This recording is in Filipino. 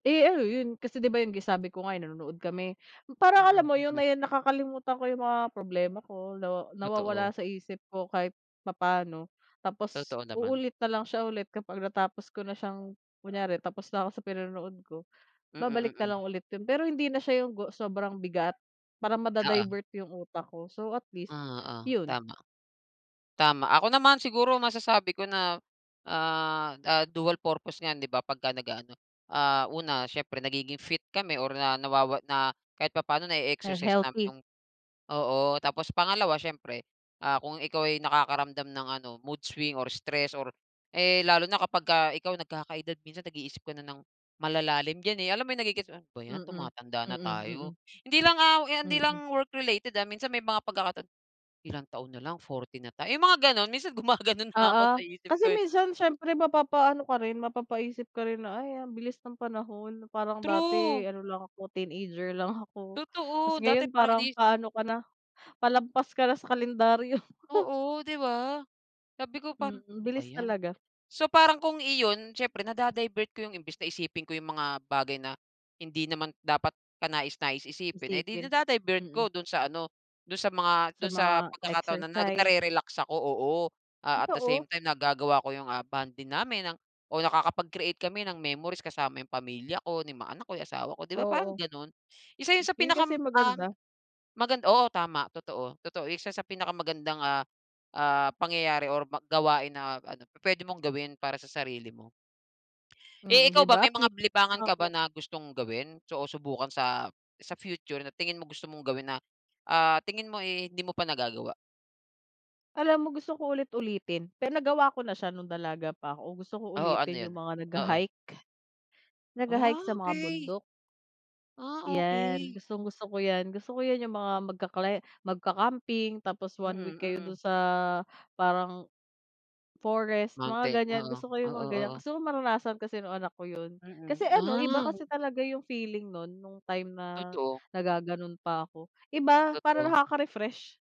Eh, ano yun? Kasi, 'di ba, yung sabi ko nga, ay, nanonood kami parang alam Mm, mo yung mm. nakakalimutan ko yung mga problema ko, na nawawala Totoo. sa isip ko kahit papaano. Tapos, Totoo, naman. uulit na lang siya ulit kapag natapos ko na siyang, kunyari tapos na ako sa pinonood ko babalik Mm, na mm. lang ulit 'yun, pero, hindi na siya yung go sobrang bigat, para Oo. mada-divert yung utak ko, so, atleast, Oo, 'yun. tama. Tama, ako naman siguro masasabi ko na, ah, ah, dual purpose yan 'di ba, pagka nag-aano, ah, una, siyempre nagiging fit kami or na nawawa na, kahit papaano Ah, na-exercise namin healthy. yung, oo. Tapos, pangalawa, syempre, ah, kung ikaw ay nakakaramdam ng ano, mood swing or stress or, eh, lalo na kapag ikaw nagkaka-edad, minsan nag-iisip ko na ng malalalim dyan, eh. Alam mo yung nagegets mo, 'ba yan, Mm. tumatanda Mm, na mm. tayo, hindi lang hindi Mm. lang work related, ah, minsan, may mga pagkakataon. Ilang taon na lang, 40 na tayo, ay, mga ganun minsan, gumaganon na ako sa Oo, isip kasi, ko, eh. minsan ,siyempre mapapaano ka rin, mapapaisip ka rin, na, ay, ang bilis ng panahon. Parang True. dati ano lang ako, teenager lang ako, 'tas Totoo, dati ngayon parang parang ini. paano ka na, palampas ka na sa kalendaryo. Oo, 'di ba? Sabi ko pa Mm, "ano ba bilis yan" talaga. so, parang kung iyon siyempre nada-divert ko yung imbes na isipin ko yung mga bagay na, hindi naman dapat kanais-nais isipin, eh, di Isipin, nada-divert hmm. ko dun sa ano, dun sa mga, Sa dun sa mga pagkakataon na exercise. narerelax ako, oo. Ah, at the Totoo. same time nagagawa ko, ah, yung bonding namin, oo, nakakapag-create kami ng memories kasama yung pamilya ko, ni mga anak ko, yung asawa ko, 'di ba, parang Oo. ganun, isa yun sa Yun pinakam kasi ah. maganda. Oo, tama, totoo, totoo siya sa pinakamagandang, ah, ah, pangyayari or gawain na ano, pwede mong gawin para sa sarili mo. Eh, Hmm, 'di ikaw ba? ba May at mga least, libangan ka ba oo. na gustong gawin? O subukan sa sa future na tingin mo, gusto mong gawin na, ah, tingin mo, eh, hindi mo pa nagagawa? Alam mo gusto ko ulit-ulitin, pero nagawa ko na siya nung dalaga pa ko, gusto ko Oo, ano ulitin yun? yung mga Oo. nagha-hike. Ah, Nagha-hike sa mga okay. bundok. Ah, 'Yan, okay. gustong-gusto ko yan, gusto ko yan, yung mga mag ka climb, magka-camping, tapos 1 Mm, week kayo dun mm. sa parang forest mga Mountain, ganyan, oo, gusto ko yung oo, mga ganyan, oo. kasi, gusto ko maranasan kasi, nung anak ko 'yun. Mm, Kasi, ano iba ah. kasi talaga yung feeling nun, nung time na Totoo. nag-gagano'n pa ako. Iba, para Totoo. nakaka-refresh.